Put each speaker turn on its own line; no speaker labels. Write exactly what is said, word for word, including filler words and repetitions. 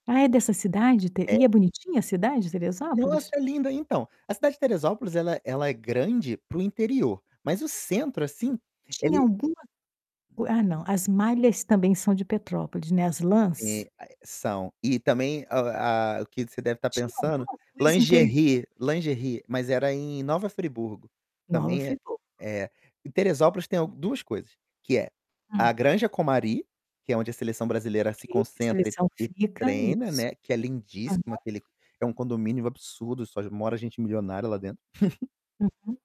Ah, é dessa cidade te
É
e é bonitinha a cidade,
Nossa,
Teresópolis?
é linda. Então, a cidade de Teresópolis ela é ela é grande para o interior, mas o centro assim,
Tinha
ele
alguma o ah, não, as malhas também são de Petrópolis, né, as lãs?
Eh, a eh, são. E também, a o ah, que você deve estar
Tinha
pensando
alguma coisa em Teresópolis.
lingerie lingerie, mas era em Nova Friburgo,
Nova
também é
Friburgo.
é. Em Teresópolis tem al duas coisas, que é a
Hum.
Granja Comari, que é onde a seleção brasileira
Ok,
se
que a
concentra e
seleção
e
fica.
treina,
Isso.
né, que é
Aham.
lindíssimo, aquele é um condomínio absurdo, só mora gente milionária lá dentro.
Uhum.